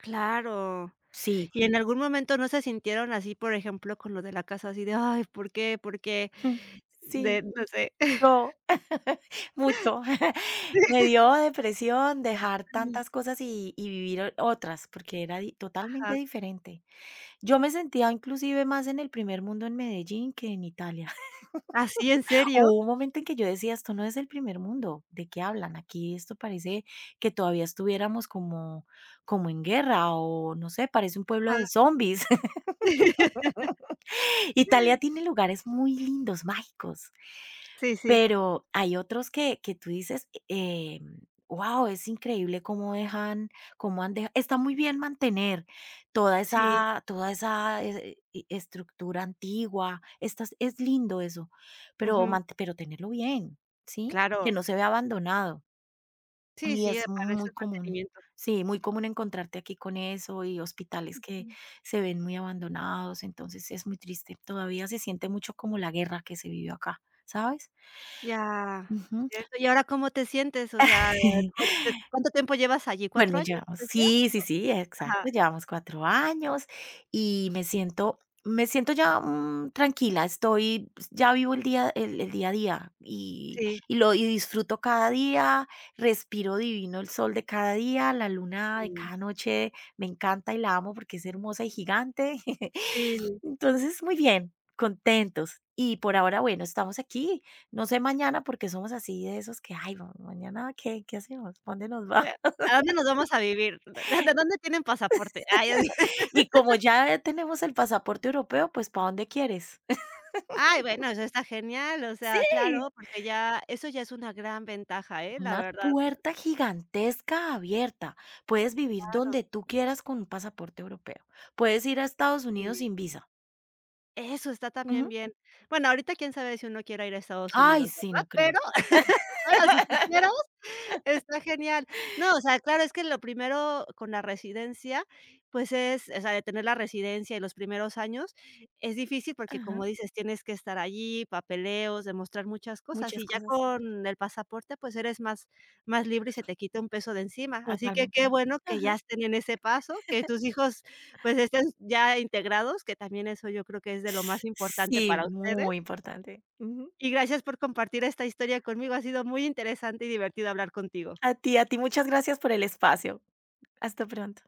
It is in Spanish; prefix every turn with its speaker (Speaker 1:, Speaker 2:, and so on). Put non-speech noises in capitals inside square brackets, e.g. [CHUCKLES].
Speaker 1: Claro
Speaker 2: Sí.
Speaker 1: ¿Y en algún momento no se sintieron así, por ejemplo, con lo de la casa así de: "Ay, ¿por qué?, ¿por qué?".
Speaker 2: Jum. Sí.
Speaker 1: De, no sé. [CHUCKLES]
Speaker 2: No. [CHUCKLES] Mucho. [CHUCKLES]
Speaker 1: Sí.
Speaker 2: Me dio depresión dejar tantas cosas y y vivir otras, porque era di totalmente
Speaker 1: Ajá.
Speaker 2: diferente. Yo me sentía inclusive más en el primer mundo en Medellín que en Italia.
Speaker 1: ¿Ah, sí, en
Speaker 2: [LAUGHS]
Speaker 1: serio?
Speaker 2: Hubo un momento en que yo decía: "Esto no es el primer mundo, ¿de qué hablan? Aquí esto parece que todavía estuviéramos como como en guerra o no sé, parece un pueblo de
Speaker 1: Ajá.
Speaker 2: zombis".
Speaker 1: [LAUGHS]
Speaker 2: [LAUGHS] Italia tiene lugares muy lindos, mágicos.
Speaker 1: Sí, sí.
Speaker 2: Pero hay otros que que tú dices, eh, mm, wao, es increíble cómo dejan cómo han deja Está muy bien mantener toda
Speaker 1: Sí.
Speaker 2: esa toda esa e e estructura antigua, estas es lindo eso, pero
Speaker 1: Ujú.
Speaker 2: mante pero tenerlo bien, ¿sí? Que
Speaker 1: Claro.
Speaker 2: no se vea abandonado.
Speaker 1: Sí,
Speaker 2: Y
Speaker 1: sí,
Speaker 2: es
Speaker 1: aparece
Speaker 2: muy
Speaker 1: el
Speaker 2: común,
Speaker 1: mantenimiento.
Speaker 2: sí, muy común encontrarte aquí con eso y hospitales que
Speaker 1: Ujú.
Speaker 2: se ven muy abandonados. Entonces es muy triste. Todavía se siente mucho como la guerra que se vivió acá, ¿sabes?
Speaker 1: Ya.
Speaker 2: Ujú.
Speaker 1: Cierto, ¿y ahora cómo te sientes? O sea,
Speaker 2: [CHUCKLES]
Speaker 1: ¿cuá de cuánto tiempo llevas allí?
Speaker 2: Bueno,
Speaker 1: ¿4 años?
Speaker 2: llevamos
Speaker 1: [UNINTELLIGIBLE]
Speaker 2: Sí, sí, sí,
Speaker 1: Ajá.
Speaker 2: exacto, llevamos 4 años y me siento me siento ya, mm, tranquila, estoy, pues ya vivo el día el el día a día, y
Speaker 1: Sí.
Speaker 2: y lo y disfruto cada día, respiro divino el sol de cada día, la luna de
Speaker 1: [UNINTELLIGIBLE]
Speaker 2: cada noche, me encanta y la amo porque es hermosa y gigante. [CHUCKLES]
Speaker 1: Si.
Speaker 2: Entonces, muy bien, contentos y por ahora, bueno, estamos aquí. No sé mañana porque somos así, de esos que, ay, vamos ¿Mañana qué qué hacemos? ¿Para dónde nos
Speaker 1: O
Speaker 2: vamos?
Speaker 1: sea, ¿a dónde nos
Speaker 2: [LAUGHS]
Speaker 1: vamos a vivir? ¿De de dónde tienen pasaporte? Ah, ya.
Speaker 2: [LAUGHS] Y como
Speaker 1: [LAUGHS]
Speaker 2: ya tenemos el pasaporte europeo, pues, ¿para dónde quieres?
Speaker 1: Ay,
Speaker 2: [LAUGHS]
Speaker 1: bueno, eso está genial, o sea,
Speaker 2: Sí.
Speaker 1: claro, porque ya eso ya es una gran ventaja, ¿eh? La
Speaker 2: Una
Speaker 1: verdad.
Speaker 2: puerta gigantesca abierta. Puedes vivir
Speaker 1: Claro.
Speaker 2: donde tú quieras con un pasaporte europeo. Puedes ir a Estados Unidos
Speaker 1: Sí.
Speaker 2: sin visa.
Speaker 1: Eso, está también
Speaker 2: Ujú.
Speaker 1: bien. Bueno, ahorita quién sabe si uno quiera ir a Estados
Speaker 2: Ay,
Speaker 1: Unidos,
Speaker 2: sí,
Speaker 1: ¿verdad?
Speaker 2: no creo.
Speaker 1: Pero [LAUGHS] ahora, ahora si quisieras,
Speaker 2: [LAUGHS]
Speaker 1: está genial. No, o sea, claro, es que lo primero con la residencia, pues es, o sea, de tener la residencia y los primeros años es difícil, porque, como
Speaker 2: Ajá.
Speaker 1: dices, tienes que estar allí, papeleos, demostrar muchas cosas,
Speaker 2: Muchas
Speaker 1: y ya
Speaker 2: cosas.
Speaker 1: con el pasaporte, pues eres más más libre y se te quita un peso de encima. Así que
Speaker 2: Totalmente.
Speaker 1: qué bueno que
Speaker 2: Ajá.
Speaker 1: ya estén en ese paso, que
Speaker 2: [CHUCKLES]
Speaker 1: tus hijos, pues, estén ya integrados, que también eso yo creo que es de lo más importante
Speaker 2: Sí,
Speaker 1: para ustedes.
Speaker 2: muy importante. Ujú.
Speaker 1: Y gracias por compartir esta historia conmigo, ha sido muy interesante y divertido hablar contigo.
Speaker 2: A ti, a ti, muchas gracias por el espacio. Hasta pronto.